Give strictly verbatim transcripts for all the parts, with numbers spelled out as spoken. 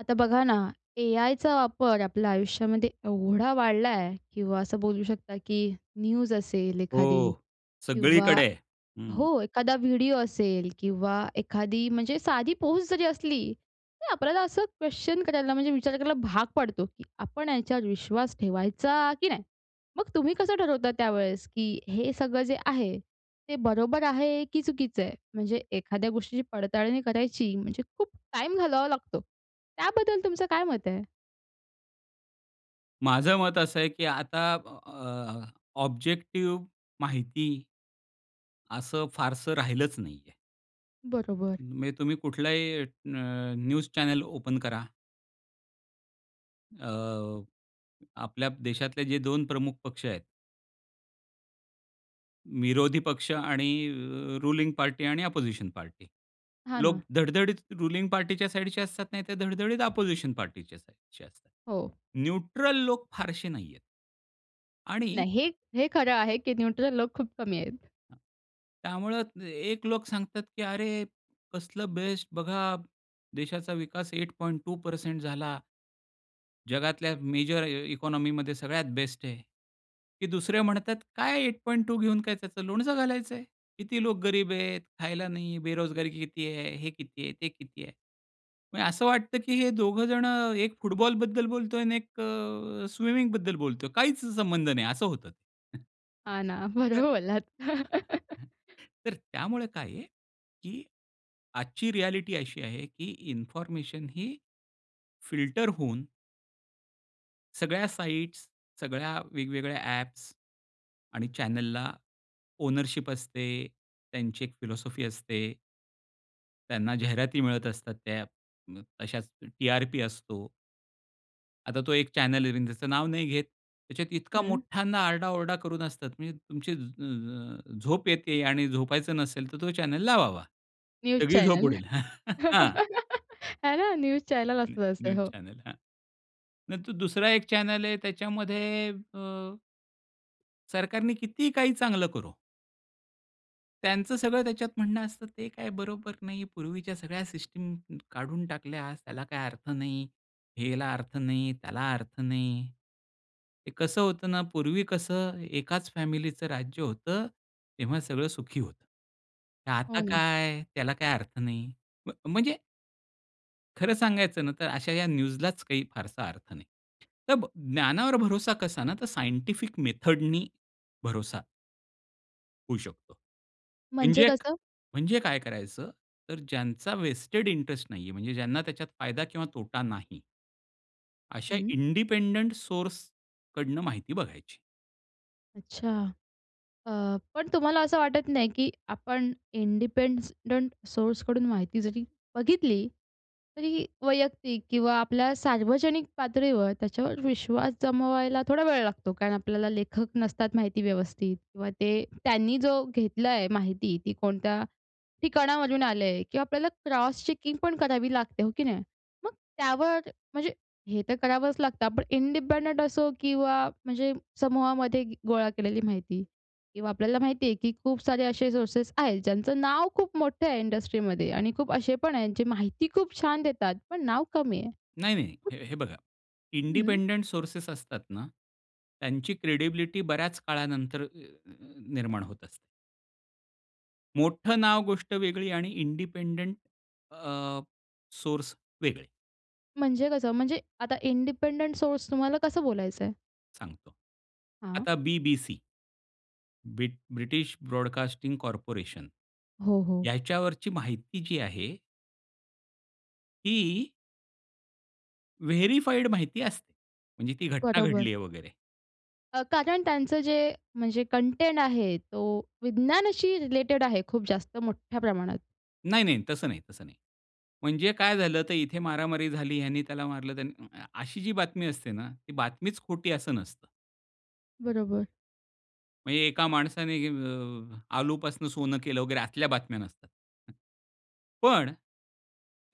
आता बघा ना, ए-आयचा वापर आपल्या आयुष्यामध्ये एवढा वाढला आहे किंवा असं बोलू शकता की न्यूज असेल एखादी हो, किंवा सगळीकडे. हं. हो, एखादा व्हिडिओ असेल किंवा एखादी म्हणजे साधी पोस्ट जरी असली, तरी आपल्याला असं क्वेश्चन करायला, म्हणजे विचार करायला भाग पडतो की आपण याच्यावर विश्वास ठेवायचा की नाही? मग तुम्ही कसं ठरवता त्यावेळेस, की हे सगळं जे आहे, ते बरोबर आहे की चुकीच आहे? म्हणजे एखाद्या गोष्टीची पडताळणी करायची, म्हणजे खूप टाइम घालवावा लागतो. त्याबद्दल तुमचं काय मत आहे? माझं मत असं आहे की आता अ, ऑब्जेक्टिव्ह, माहिती असं फारसं राहिलंच नाहीये. बरोबर. म्हणजे तुम्ही कुठलाही अ, अ, न्यूज चॅनेल ओपन करा. अ, आपल्या देशातले जे दोन प्रमुख पक्ष आहेत. विरोधी पक्ष आणि अ, रुलिंग पार्टी आणि अपोजिशन पार्टी, हां, ना. लोक धडधडीत रुलिंग पार्टीच्या साइडचे असतात नाही तर धडधडीत अपोजिशन पार्टीच्या साइडचे असतात. हो. न्यूट्रल लोक फारसे नाहीयेत. आणि नाही हे हे खरं आहे की न्यूट्रल लोक खूप कमी आहेत. [unintelligible] त्यामुळं एक लोक सांगतात की "अरे, कसलं बेस्ट बघा, देशाचा विकास एट पॉईंट टू परसेंट झाला." जगातल्या मेजर इ इकॉनॉमीमध्ये सगळ्यात बेस्ट आहे. की दुसऱ्या म्हणतात, "काय एट पॉईंट टू घेऊन, काय त्याचं लोणचं घालायचं आहे? किती लोक गरीब आहेत, खायला नाही, बेरोजगारी किती आहे. हे किती आहे ते किती आहे." म्हणजे असं वाटतं की हे दोघं जणं एक फुटबॉलबद्दल बोलतोय आणि एक अ, स्विमिंगबद्दल बोलतोय, काहीच संबंध नाही असं होतं ते. हां, ना. [unintelligible] तर बरोबर बोललात. तर त्यामुळे काय आहे की आजची रियालिटी अशी आहे, की इन्फॉर्मेशन ही फिल्टर होऊन सगळ्या साइट्स, सगळ्या वेगवेगळ्या ॲप आणि चॅनलला ओनरशिप असते त्यांची एक फिलासॉफी असते. त्यांना जाहिराती मिळत असतात, त्या अ, अशाच टी-आर-पी असतो. आता तो एक चॅनल आहे, त्याचं नाव नाही घेत. त्याच्यात इतका हं. मोठ्यांदा आरडा-ओरडा करून असतात, म्हणजे तुमची अ, झोप येते आणि झोपायचं नसेल तर तो चॅनल लावावा. न्यूज सगळी झोप चॅनल. उडेल. हां. आहे ना न्यूज चॅनेल न्यू असतात असे न्यूज हो. चॅनल, हां. नंतर दुसरा एक चॅनल आहे त्याच्यामध्ये अ सरकारने कितीही काही चांगलं करो त्यांचं सगळं त्याच्यात म्हणणं असतं ते काय बरोबर नाही, पूर्वीच्या सगळ्या सिस्टम काढून टाकल्यास त्याला काही अर्थ नाही, ह्याला अर्थ नाही, त्याला अर्थ नाही. हे कसं होतं ना पूर्वी कसं एकाच फॅमिलीच राज्य होतं तेव्हा सगळं सुखी होतं. हो आता ना. काय, त्याला काय अर्थ नाही. म्ह म्हणजे खरं सांगायचं ना तर अशा या न्यूजलाच काही फारसा अर्थ नाही. तब ज्ञानावर भरोसा कसा ना तर सायंटिफिक मेथडनी भरोसा. होऊ शकतो. म्हणजे म्हणजे एक कसं? म्हणजे काय करायचं, तर ज्यांचा व्हेस्टेड इंटरेस्ट नाहीये, म्हणजे ज्यांना त्याच्यात फायदा किंवा तोटा नाही. अशा हं. इंडिपेंडंट सोर्स कडनं माहिती बघायची. अच्छा. अ, पण तुम्हाला असं वाटत नाही, की आपण इंडिपेंसडंट सोर्सकडून माहिती जरी बघितली, तरी वैयक्तिक किंवा आपल्या सार्वजनिक पातळीवर, त्याच्यावर विश्वास जमवायला थोडा वेळ लागतो, कारण आपल्याला लेखक नसतात माहिती व्यवस्थित. किंवा ते त्यांनी जो घेतला आहे माहिती ती कोणत्या ठिकाणावरून आले आहे किंवा आपल्याला क्रॉस चेकिंग पण करावी लागते, हो की नाही? मग त्यावर म्हणजे, हे तर करावंच लागतं आपण इंडिपेंडंट असो किंवा म्हणजे समूहामध्ये गी गोळा केलेली माहिती. किंवा आपल्याला माहिती आहे की खूप सारे असे सोर्सेस आहेत, ज्यांचं नाव खूप मोठं आहे इंडस्ट्रीमध्ये आणि खूप असे पण आहेत जे माहिती खूप छान देतात, पण नाव कमी आहे. नाही नाही, हे हे बघा, हं. इंडिपेंडंट सोर्सेस असतात ना, त्यांची क्रेडिबिलिटी बऱ्याच काळानंतर, अ अ निर्माण होत असते. मोठं नाव गोष्ट वेगळी आणि इंडिपेन्डन्ट अ, सोर्स वेगळे. म्हणजे कसं म्हणजे आता इंडिपेंडंट सोर्स तुम्हाला कसं बोलायचंय? सांगतो. हां. आता BBC, ब्रि British Broadcasting Corporation. हो, हो. याच्यावरची माहिती जी आहे ही वेरिफाइड माहिती असते. म्हणजे ती घटना घडली बरोबर. आहे वगैरे. अ, कारण त्यांचं जे म्हणजे कन्टेन्ट आहे, तो विज्ञानाशी रिलेटेड आहे खूप जास्त मोठ्या प्रमाणात. नाही, नाही. तसं नाही, तसं नाही. म्हणजे काय झालं, तर इथे मारामारी झाली, ह्यानी त्याला मारलं त्यानी अ, अ, अशी जी बातमी असते ना, ती बातमीच खोटी असं नसतं. बरोबर. म्हणजे एका माणसाने, अ, अ, आलूपासून सोनं केलं वगैरे आतल्या बातम्या नसतात. पण,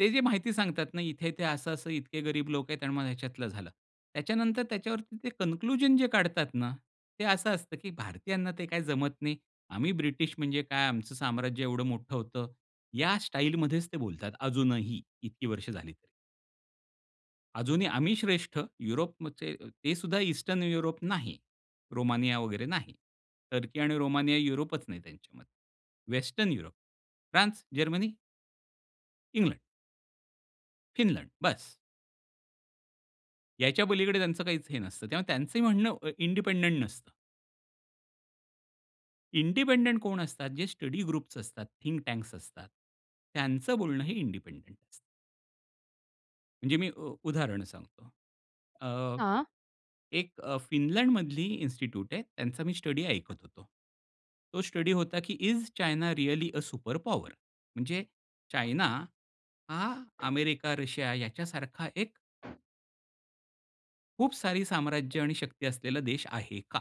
ते जे माहिती सांगतात ना, इथे-इथे, असं-असं, इतके गरीब लोक आहेत आणि मग ह्याच्यातलं झालं. त्याच्यानंतर त्याच्यावरती ते कन्क्लुजन जे काढतात ना, ते असं असतं की भारतीयांना ते काय जमत नाही. आम्ही ब्रिटिश म्हणजे काय, आमचं साम्राज्य एवढं मोठं होतं. या स्टाईल मध्येच ते बोलतात, अजूनही इतकी वर्ष झाली तरी. अजूनही आम्ही श्रेष्ठ, युरोपमचे. ते सुद्धा ईस्टर्न युरोप नाही, रोमानिया वगैरे नाही, टर्की आणि रोमानिया युरोपच नाही त्यांच्यामध्ये. Western Europe France, Germany England Finland बस. याच्या पलीकडे त्यांचं काहीच हे नसतं. तेव्हा त्यांचं म्हणणं अ, इंडिपेंडेंट नसतं. इंडिपेंडेंट कोण असतात जे स्टडी ग्रुप्स असतात, थिंक टँक्स असतात, त्यांचं बोलणं हे इंडिपेंडेंट अस म्हणजे मी अ, उदाहरण सांगतो. अ, हां. एक अ, फिनलंडमधली इंस्टीट्यूट आहे त्यांचा मी स्टडी ऐकत होतो. तो स्टडी होता, की is China really uh, super power? म्हणजे चायना हा अमेरिका, रशिया याच्यासारखा एक खूप सारी साम्राज्य आणि शक्ती असलेला देश आहे का?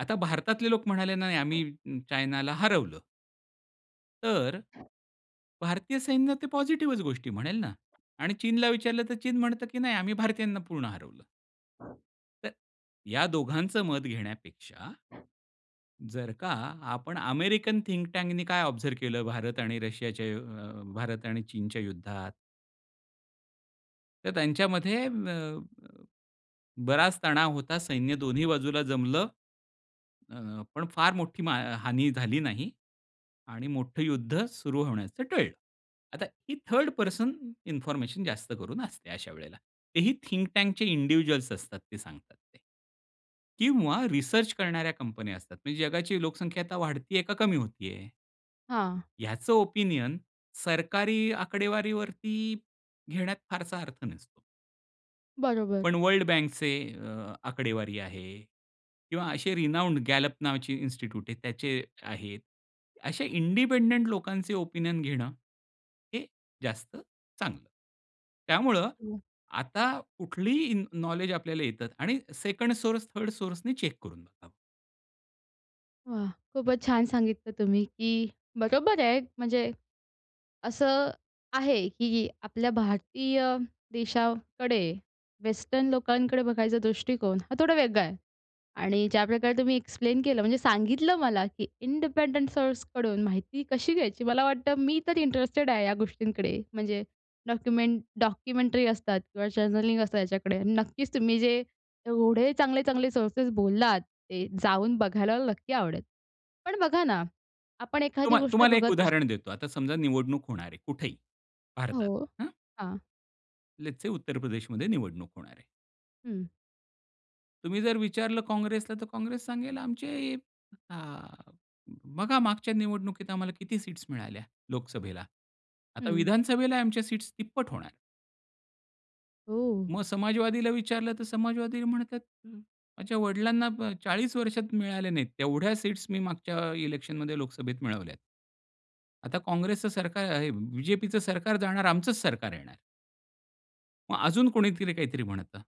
आता भारतातले लोक म्हणाले नाही, आम्ही चायनाला हरवलं. तर भारतीय सैन्य ते पॉझिटिव्हच गोष्टी म्हणेल ना आणि चीनला विचारलं तर चीन म्हणतं, की नाही आम्ही भारतीयांना पूर्ण हरवलं. तर या दोघांचं मत घेण्यापेक्षा जर का आपण अमेरिकन थिंक टैंकनी काय ऑब्ज़र्व केलं, भारत आणि रशियाच्या अ, भारत आणि चीनच्या युद्धात? तर त्यांच्यामध्ये म अ, बराच तणाव होता, सैन्य दोन्ही बाजूला जमलं. अ, पण फार मोठी मा हानी झाली नाही. आणि मोठं युद्ध सुरू होण्याचं टळलं. आता ही थर्ड पर्सन इन्फॉर्मेशन जास्त करून असते. अशा वेळेला तेही थिंक टैंकचे इंडिव्हिज्युअल्स असतात, ते सांगतात ते. किंवा, रिसर्च करणाऱ्या कंपन्या असतात म्हणजे, जगाची लोकसंख्या आता वाढती आहे का कमी होती आहे? हां. ह्याचं ओपिनियन सरकारी आकडेवारीवरती घेण्यात फारसा अर्थ नसतो. बरोबर. पण वर्ल्ड बँकचे अ, आकडेवारी आहे किंवा असे रीनौंड Gallup नावाची इन्स्टिट्यूट आहे, त्याचे आहेत. असे इंडिपेंडेंट लोकांचे ओपिनियन घेणं हे जास्त चांगलं. त्यामुळं हं. आता कुठलीही इन नॉलेज आपल्याला येतात आणि सेकंड सोर्स, थर्ड सोर्सनी चेक करून बघावं. वाह! खूपच छान सांगितलं तुम्ही, की बरोबर आहे म्हणजे असं आहे, की आपल्या भारतीय देशाकडे, वेस्टर्न लोकांकडे बघायचा दृष्टिकोन हा थोडा वेगळा आहे. आणि ज्याप्रकारे तुम्ही एक्सप्लेन केलं म्हणजे सांगितलं मला की इंडिपेंडेंट सोर्सकडून माहिती कशी घ्यायची मला वाटतं, मी तर इंटरेस्टेड आहे या गोष्टींकडे, म्हणजे डॉक्युमेंट, डॉक्युमेंटरी असतात किंवा जर्नलिंग असतं याच्याकडे, नक्कीच तुम्ही जे एवढे चांगले, चांगले सोर्सेस बोललात ते जाऊन बघायला मला नक्की आवडेल. पण बघा ना, आपण एखादी तुम्हा गोष्ट तुम्हाला एक बघत असतो उदाहरण देतो. आता समजा निवडणूक होणार आहे, कुठेही भारतात, हो, हं. हां. लेट्स से, उत्तर प्रदेश मध्ये निवडणूक होणार आहे. हं. तुम्ही जर विचारलं काँग्रेसला तर काँग्रेस सांगेल आमचे अ, बघा मागच्या निवडणुकीत आम्हाला किती सीट्स मिळाल्या लोकसभेला, आता हं. विधानसभेला आमच्या सीट्स तिप्पट होणार. हो. मग समाजवादीला विचारलं तर समाजवादी म्हणतात, माझ्या वडिलांना ब चाळीस वर्षात मिळाल्या नाहीत. तेवढ्या सीट्स मी मागच्या इलेक्शनमध्ये लोकसभेत मिळवल्यात. आता काँग्रेसचं सरकार आहे बीजेपीचं सरकार जाणार, आमचचं सरकार येणार. मग अजून कोणीतरी काहीतरी म्हणतं.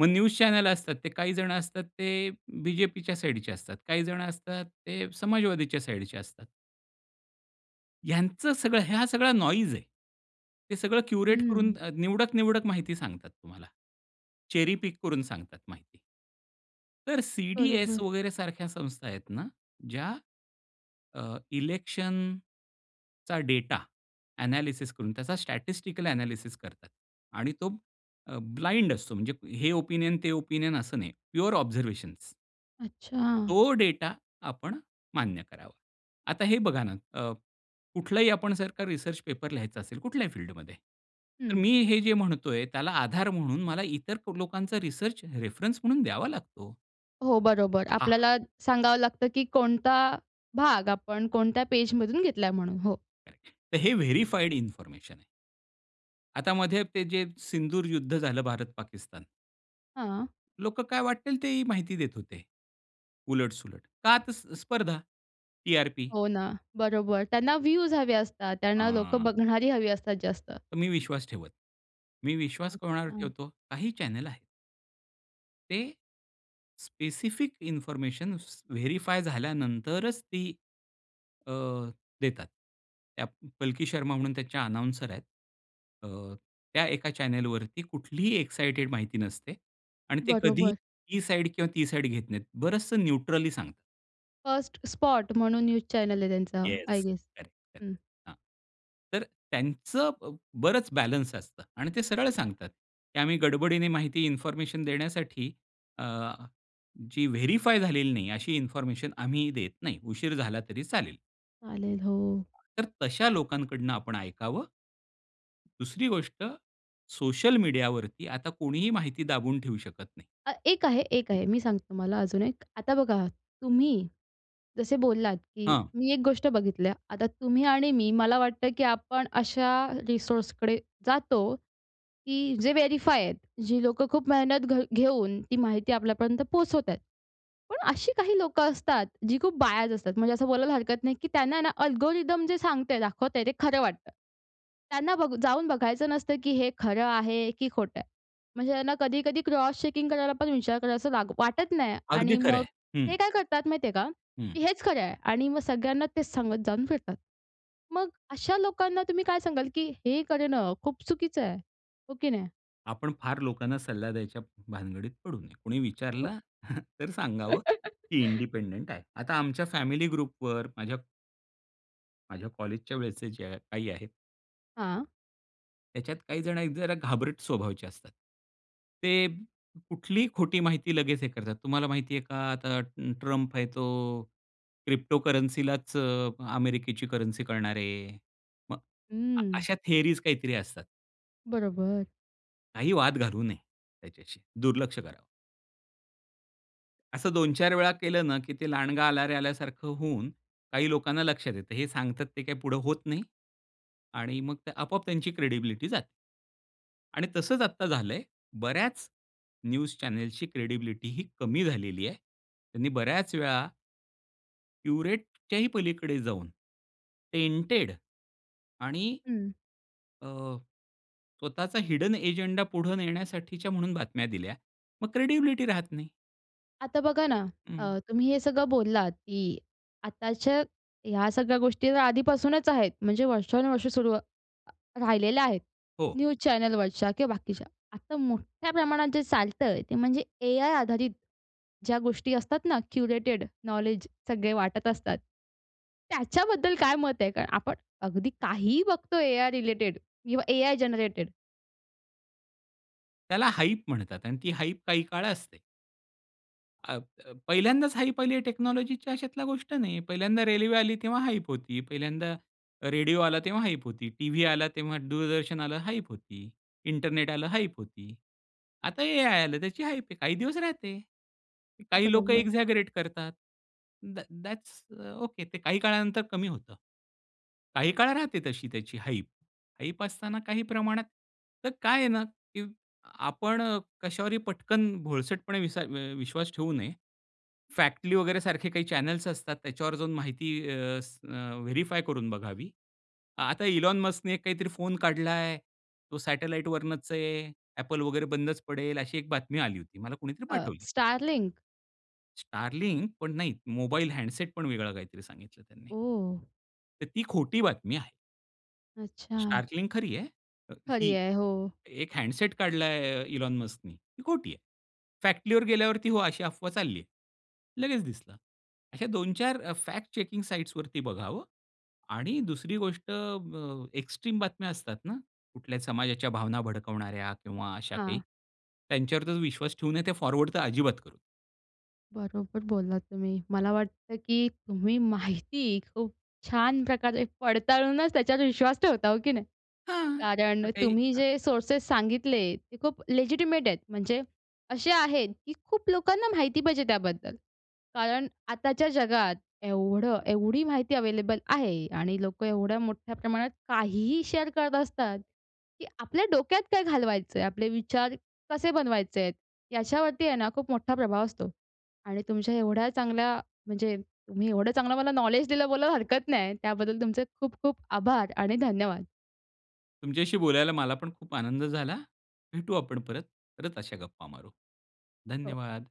मग न्यूज चॅनेल असतात ते काही जण असतात ते बीजेपीच्या साइडचे असतात. काही जण असतात ते समाजवादीच्या साइडचे असतात. ह्यांचं सगळं ह्या सगळा नोईज आहे. ते सगळं क्युरेट करून हं. अ, निवडक निवडक माहिती सांगतात तुम्हाला, चेरी पिक करून सांगतात माहिती. तर सी-डी-एस बरोबर. वगैरे सारख्या संस्था आहेत ना, ज्या अ, इलेक्शनचा डेटा ॲनालिसिस करून त्याचा स्टॅटिस्टिकल ॲनालिसिस करतात आणि तो अ, ब्लाइंड असतो, म्हणजे हे ओपिनियन, ते ओपिनियन असं नाही, प्युअर ऑब्झर्व्हेशन्स. अच्छा. तो डेटा आपण मान्य करावा. आता हे बघा ना, अ, कुठलाही आपण जर का रिसर्च पेपर लिहायचं असेल, कुठल्याही फील्डमध्ये, तर हं. मी हे जे म्हणतोय त्याला आधार म्हणून मला इतर लोकांचा रिसर्च रेफरन्स म्हणून द्यावा लागतो. हो, बरोबर. हां. आपल्याला सांगावं लागतं की कोणता भाग आपण, कोणत्या पेजमधून घेतलाय म्हणून. हो. [unintelligible] तर हे व्हेरिफाईड इन्फॉर्मेशन आहे. आता मध्ये ते जे सिंदूर युद्ध झालं भारत-पाकिस्तान. हां. लोकं काय वाटेल, तेही माहिती देत होते. उलट-सुलट का? तर स्प स्पर्धा, टी-आर-पी. हो ना, बरोबर त्यांना व्ह्यूज हवे असतात, त्यांना लोकं अह बघणारी हवी असतात जास्त. तर मी विश्वास ठेवत मी विश्वास कोणावर अच्छा! ठेवतो? काही चॅनेल आहेत. ते स्पेसिफिक इन्फॉर्मेशन्स वेरीफाय झाल्यानंतरच ती, अ, देतात. त्या पलकी शर्मा म्हणून त्याच्या अनाउन्सर आहेत. अ, त्या एका चॅनेलवरती कुठलीही इक्सायटेड माहिती नसते आणि ते कधीही बरोबर. ही साईड किंवा ती साईड घेत नाहीत. बरंचसं न्यूट्रली सांगतात. "फर्स्ट स्पॉट" म्हणून न्यूज चॅनेल आहे त्यांचा, I yes. Guess correct, correct hmm. हां. तर त्यांचं ब बरंच बॅलन्स असतं. आणि ते सरळ सांगतात की आम्ही गडबडीने माहिती इन्फॉर्मेशन देण्यासाठी अ, जी व्हेरिफाय झालेली नाही, अशी इन्फॉर्मेशन आम्ही देत नाही. उशीर झाला तरी चालेल. चालेल, हो. तर तशा लोकांकडनं आपण ऐकावं, दुसरी गोष्ट सोशल मीडिया वरती आता कोणीही माहिती दाबून ठेवू शकत नाही. हा एक आहे एक हं. आहे, मी सांगते तुम्हाला, अजून एक. आता बघा तुम्ही जसे बोललात, की हां. मी एक गोष्ट बघितली. आता तुम्ही आणि मी मला वाटतं की आपण अशा रिसोर्सकडे जातो, की जे व्हेरिफाय आहेत, जी लोकं खूप मेहनत घ घेऊन ती माहिती, आपल्यापर्यंत पोहोचवत आहेत. पण अशी काही लोकं असतात, जी खूप बायज असतात. म्हणजे असं बोलायला हरकत नाही, की त्यांना ना अल्गोरिदम जे सांगतय दाखवतंय ते खरं वाटतं. त्यांना बघू जाऊन बघायचं नसतं, की हे खरं आहे की खोटं आहे? म्हणजे त्यांना कधी-कधी क्रॉस चेकिंग करायला पण विचार करायला असं वा वाटत नाही अगदी आणि खरं मग आहे. हं. ते काय करतात माहिती आहे का? हं. की हेच खरं आहे आणि मग सगळ्यांना तेच सांगत जाऊन फिरतात. मग अशा लोकांना तुम्ही काय सांगाल की हे करणं खूप चुकीचं आहे, हो की नाही? आपण फार लोकांना सल्ला द्यायच्या भानगडीत पडू नये. कोणी [unintelligible] विचारलं तर सांगावं, की इंडिपेंडेंट आहे. आता आमच्या फॅमिली ग्रुपवर माझ्या माझ्या कॉलेजच्या वेळसचे जे काही आहेत. हां. त्याच्यात काही जण एक जरा घाबरट स्वभावचे असतात. ते कुठलीही खोटी माहिती लगेच हे करतात. तुम्हाला माहिती आहे का आता अ, ट्रम्प आहे तो अ, क्रिप्टोकरन्सीलाच अ, अमेरिकेची करन्सी करणार आहे. मग, आ हम्म. अशा थिअरीज काहीतरी असतात. बरोबर. काही वाद घालू नये त्याच्याशी. दुर्लक्ष करावं. असं दोन, चार वेळा केलं ना, की ते "लांडगा आला रे," आल्यासारखं होऊन काही लोकांना लक्षात येतं. हे सांगतात ते काही पुढे होत नाही. आणि मग ते आपोआप त्यांची क्रेडिबिलिटी जाते. आणि तसंच आता झालंय, बऱ्याच न्यूज चॅनेलची क्रेडिबिलिटी ही कमी झालेली आहे. त्यांनी बऱ्याच वेळा प्युरिटीच्याही पलीकडे जाऊन टेंटेड आणि हं. अ, स्वतःचा हिडन अजेंडा पुढे नेण्यासाठीच्या म्हणून बातम्या दिल्या. मग क्रेडिबिलिटी राहत नाही. आता बघा ना, हं. अ, तुम्ही हे सगळं बोललात, की आताच्या ह्या सगळ्या गोष्टीतर आधीपासूनच आहेत. म्हणजे, वर्षानुवर्षे सुरू अ, राहिलेल्या आहेत हो. न्यूज चॅनेलवरच्या किंवा बाकीच्या. आता मोठ्या प्रमाणात जे चालतं आहे, ते म्हणजे एआय आधारित, ज्या गोष्टी असतात ना, क्युरेटेड नॉलेज सगळे वाटत असतात, त्याच्याबद्दल काय मत आहे? कारण, आपण अगदी काहीही बघतोय एआय रिलेटेड किंवा एआय जेनरेटेड. त्याला हाइप म्हणतात आणि ती हाइप काही काळ असते. अ, अ, पहिल्यांदाच हाइप आली आहे, टेक्नॉलॉजीची अशातला गोष्ट नाही. पहिल्यांदा रेल्वे आली, तेव्हा हाइप होती, पहिल्यांदा रेडिओ आला तेव्हा हाइप होती, टीव्ही आला, तेव्हा दूरदर्शन आलं हाइप होती. इंटरनेट आलं हाइप होती. आता एआय आलं, त्याची हाइप आहे, काही दिवस राहते. काही लोकं बरोबर. एक्झॅगरेट करतात. That that's uh, okay. ते काही काळानंतर कमी होतं. काही काळ राहते तशी, त्याची हाइप. हाइप असताना काही प्रमाणात तर काय आहे ना, की आपण कश्यावरही पटकन भोळसटपणे विसा अ, विश्वास ठेवू नये. फॅक्टली वगैरे सारखे काही चॅनेल्स असतात, त्याच्यावर माहिती अ, स अ, व्हेरिफाय करून बघावी. आता इलॉन मस्कने एक काहीतरी फोन काढला आहे, तो सॅटलाईटवरनच आहे. Apple वगैरे बंदच पडेल, अशी एक बातमी आली होती. मला कोणीतरी अ, पाठवली. STARLINK? STARLINKपण नाही मोबाईल हॅन्डसेट पण वेगळा काहीतरी सांगितलं त्यांनी. ओह! तर ती खोटी बातमी आहे. अच्छा. STARLINKखरी आहे अ, खरी ही. आहे. हो. एक हँडसेट काढला आहे, इलोन मस्कने ही खोटी आहे. फॅक्टलीवर गेल्यावरती हो अशी अफवा चालली आहे, लगेच दिसलं. अशा दोन चार अ, फॅक्ट चेकिंग साइट्सवरती बघावं आणि दुसरी गोष्ट अ, ब, एक्स्ट्रीम बातम्या असतात ना कुठल्याही समाजाच्या भावना भडकवणाऱ्या किंवा अशा काही, हां. त्यांच्यावर तर विश्वास ठेवू नये ते फॉरवर्ड तर अजिबात करू नये. बरोबर बोललात तुम्ही. मला वाटतं की तुम्ही माहिती खूप छान प्रकारे पडताळूनच त्याच्यावर विश्वास ठेवता, हो की नाही? हां. कारण अ, काही तुम्ही हं. जे सोर्सेस सांगितले ते खूप लेजिटिमेट आहेत. म्हणजे असे आहेत, की खूप लोकांना माहिती पाहिजे त्याबद्दल. कारण आताच्या जगात एवढं एवढी माहिती अवेलेबल आहे आणि लोकं एवढ्या मोठ्या प्रमाणात काहीही शेअर करत असतात की आपल्या डोक्यात काय घालवायचंय? आपले विचार कसे बनवायचेत? याच्यावरती आहे ना, खूप मोठा प्रभाव असतो. आणि तुमच्या एवढ्या चांगल्या म्हणजे तुम्ही एवढं चांगलं मला नॉलेज दिलं बोलायला हरकत नाही. त्याबद्दल तुमचे खूप-खूप आभार आणि धन्यवाद. तुमच्याशी बोलायला मलापण खूप आनंद झाला. भेटू आपण परत. परत अशा गप्पा मारू. हो. धन्यवाद.